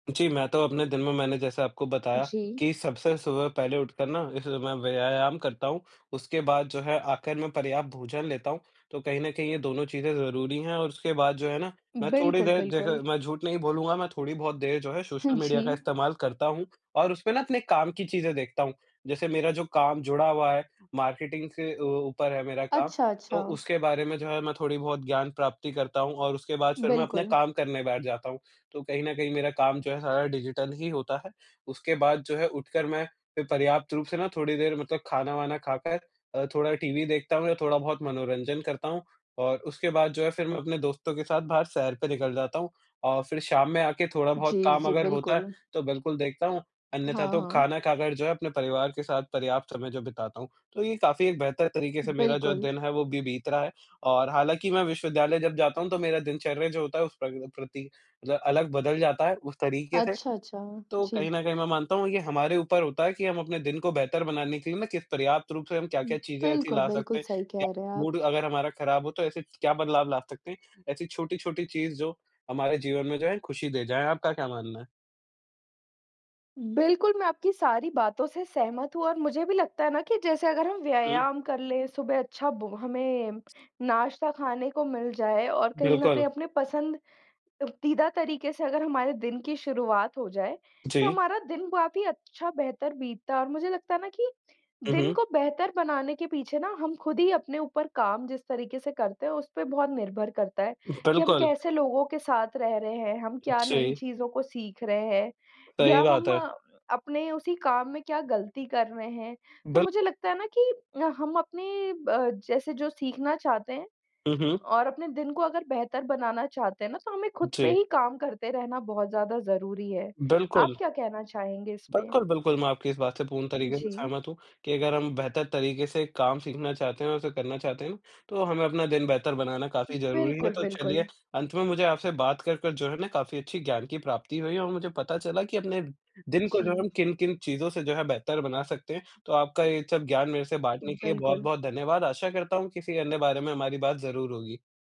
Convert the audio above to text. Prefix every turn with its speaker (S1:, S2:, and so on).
S1: जी, मैं तो अपने दिन में मैंने जैसे आपको बताया,
S2: जी।
S1: कि सबसे सुबह पहले उठकर ना इस समय मैं व्यायाम करता हूँ। उसके बाद जो है आख़िर में पर्याप्त भोजन लेता हूँ, तो कहीं न कहीं ये दोनों चीज़ें ज़रूरी हैं। और उसके बाद जो है ना मैं थोड़ी
S2: बिल्कुल,
S1: देर देखे
S2: बिल्कुल।
S1: मैं झूठ नहीं बोलूँगा मैं थोड़ी बहुत देर जो है
S2: हाँ
S1: सोशल
S2: जी।
S1: मीडिया का इस्तेमाल करता हूँ और उसपे ना अपने काम की चीज़ें देखता हूँ। जैसे मेरा जो काम जुड़ा हुआ है, मार्केटिंग से अ, ऊपर है मेरा काम
S2: अच्छा,
S1: तो
S2: अच्छा।
S1: उसके बारे में जो है मैं थोड़ी बहुत ज्ञान प्राप्ति करता हूँ। और उसके बाद फिर मैं अपने
S2: बिल्कुल।
S1: काम करने बैठ जाता हूँ। तो कहीं न कहीं मेरा काम जो है सारा डिजिटल ही होता है। उसके बाद जो है उठकर मैं फिर पर्याप्त रूप से ना थोड़ी देर मतलब खाना-वाना खाकर अ, थोड़ा टीवी देखता हूँ या थोड़ा बहुत मनोरंजन करता हूँ। और उसके बाद जो है फिर मैं अपने दोस्तों के साथ बाहर सैर पे निकल जाता हूँ अ, फिर शाम में आके थोड़ा बहुत
S2: जी,
S1: काम
S2: जी।
S1: अगर होता है
S2: बिल्कुल।
S1: तो बिल्कुल देखता हूँ। अन्यथा
S2: हाँ,
S1: तो
S2: हाँ।
S1: खाना खाकर जो है अपने परिवार के साथ पर्याप्त समय जो बिताता हूँ। तो ये काफ़ी एक बेहतर तरीक़े से मेरा जो है
S2: बिल्कुल।
S1: दिन है वो अभी बीत रहा है और हालाँकि मैं विश्वविद्यालय जब जाता हूँ तो मेरा दिनचर्या जो होता है उस पर भी प्रति जो है अलग बदल जाता है उस तरीक़े से।
S2: अच्छा, अच्छा।
S1: तो कहीं
S2: जी।
S1: न कहीं मैं मानता हूँ ये हमारे ऊपर होता है कि हम अपने दिन को बेहतर बनाने के लिए ना किस पर्याप्त रूप से हम
S2: उ,
S1: क्या-क्या चीज़ें ऐसी
S2: बिल्कुल,
S1: ला
S2: बिल्कुल।
S1: सकते हैं,
S2: सही
S1: या
S2: कह रहे हैं आप।
S1: मूड अगर हमारा ख़राब हो तो ऐसे क्या बदलाव ला सकते हैं। ऐसी छोटी-छोटी चीज़ जो हमारे जीवन में जो है खुशी दे जाएँ। आपका क्या मानना है?
S2: बिल्कुल, मैं आपकी सारी बातों से सहमत हूँ और मुझे भी लगता है ना कि जैसे अगर हम
S1: हुँ।
S2: व्यायाम कर ले सुबह अच्छा भो हमें नाश्ता खाने को मिल जाये और कहीं न कहीं
S1: बिल्कुल।
S2: अपने पसंददीदा तरीक़े से अगर हमारे दिन की शुरुआत हो जाए तो
S1: जी।
S2: हमारा दिन काफ़ी अच्छा बेहतर बीतता है। और मुझे लगता है ना कि
S1: हुँ,
S2: दिन
S1: हुँ।
S2: को बेहतर बनाने के पीछे ना हम खुद ही अपने ऊपर काम जिस तरीक़े से करते हैं उसपे बहुत निर्भर करता है कि हम
S1: बिल्कुल।
S2: कैसे लोगों के साथ रह रहे हैं? हम क्या नई
S1: जी।
S2: चीज़ों को सीख रहे हैं? या
S1: सही बात
S2: हम
S1: है।
S2: अपने उसी काम में क्या ग़लती कर रहे हैं? तो मुझे
S1: बिल्कुल।
S2: लगता है ना कि हम अपने अ, जैसे जो सीखना चाहते हैं,
S1: हुँ, हुँ।
S2: और अपने दिन को अगर बेहतर बनाना चाहते हैं ना तो हमें खुद पे
S1: जी।
S2: ही काम करते रहना बहुत ज़्यादा ज़रूरी है। आप
S1: बिल्कुल।
S2: क्या कहना चाहेंगे इसमें?
S1: बिल्कुल, बिल्कुल। मैं आपकी इस बात से पूर्ण तरीक़े से
S2: जी।
S1: सहमत हूँ, कि अगर हम बेहतर तरीक़े से काम सीखना चाहते हैं और उसे करना चाहते हैं तो हमें अपना दिन बेहतर बनाना काफ़ी ज़रूरी है।
S2: बिल्कुल,
S1: तो
S2: बिल्कुल।
S1: चलिए अंत में मुझे आपसे बात कर-कर जो है ना काफ़ी अच्छी ज्ञान की प्राप्ति हुई, और मुझे पता चला कि अपने दिन को जो है हम
S2: जी।
S1: किन-किन चीज़ों से जो है बेहतर बना सकते हैं। तो आपका ये सब ज्ञान मेरे से बाँटने के लिए
S2: बिल्कुल।
S1: बहुत-बहुत धन्यवाद। आशा करता हूँ किसी अन्य बारे में हमारी बात ज़रूर होगी।